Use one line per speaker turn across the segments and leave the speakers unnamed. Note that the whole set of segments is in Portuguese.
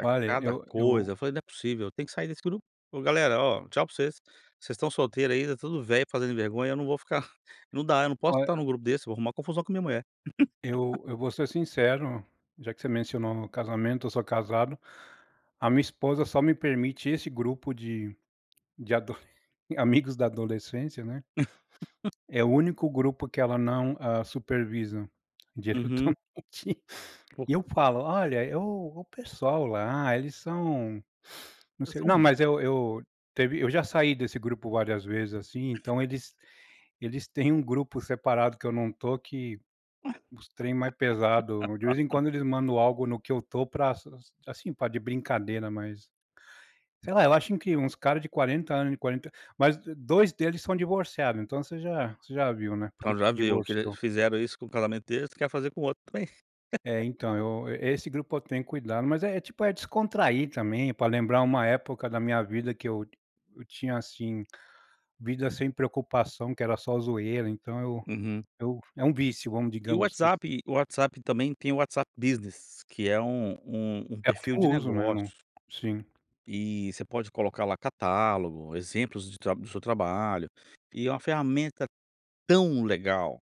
É
Olha,
cada
eu eu
coisa, eu falei: "Né possível, eu tenho que sair desse grupo. Ó galera, ó, tchau para vocês, vocês estão solteiro aí, tá tudo velho, fazendo vergonha, eu não vou ficar, não dá, eu não posso
Olha
estar em um grupo desse, vou arrumar confusão com a minha mulher".
eu eu vou ser sincero, já que você mencionou no casamento, eu sou casado. A minha esposa só me permite esse grupo de adoles de amigos da adolescência, né, é o único grupo que ela não hã supervisa,
Uhum.
diretamente. E
Pouco.
eu falo: "Olha, o o pessoal lá, eles são não
É
sei"
só
não
um.
mas eu eu teve eu já saí desse grupo várias vezes, assim, então eles eles têm um grupo separado que eu não tô que os trem mais pesado, de vez em quando eles mandam algo no que eu tô para para, assim, pra de brincadeira, mas, sei lá, eu acho que uns cara de 40 anos de 40, mas 2 deles são divorciado, então você já você já viu, né, por que
Então
que
já viu, o que eles
divorciou.
fizeram isso com o casamento deles, quer fazer com o outro também.
É então eu, esse grupo eu tenho cuidado, mas é tipo, é descontrair também para lembrar uma época da minha vida que eu eu tinha, assim, vida sem preocupação que era só zoeira então eu
Uhum.
eu é um vício, vamos
E o
digamos que isso.
WhatsApp o WhatsApp também tem o WhatsApp Business, que é um um um
É o que
perfil
eu
de
uso, né, não
negócios.
sim.
E você pode colocar lá catálogo, exemplos de tr do seu trabalho, e é uma ferramenta tão legal,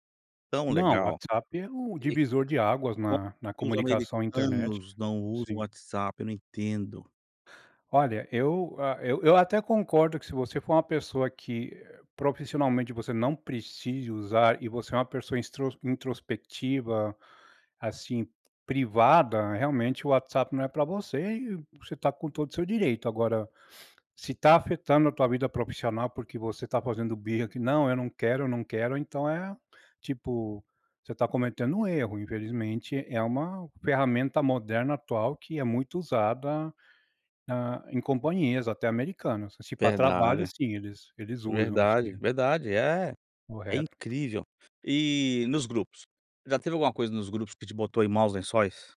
tão
Não, o
legal,
WhatsApp é um
que
divisor de águas
como
na na
que os
comunicação internet.
americanos não usam o
Sim.
WhatsApp, não entendo.
Olha, eu, ah, eu eu até concordo que se você for uma pessoa que profissionalmente você não precise usar e você é uma pessoa intros introspectiva, assim, privada, realmente o WhatsApp não é para você e você tá com todo o seu direito agora, se tá afetando a tua vida profissional, porque você tá fazendo birra que "não, eu não quero, não quero", então é, tipo, você tá cometendo um erro, infelizmente é uma ferramenta moderna atual que é muito usada, hã, em companhias até americanos, se para trabalho
Verdade,
sim eles eles usam
verdade,
sim.
verdade é, é
Correto.
incrível. E nos grupos, já teve alguma coisa nos grupos que te botou em maus lençóis?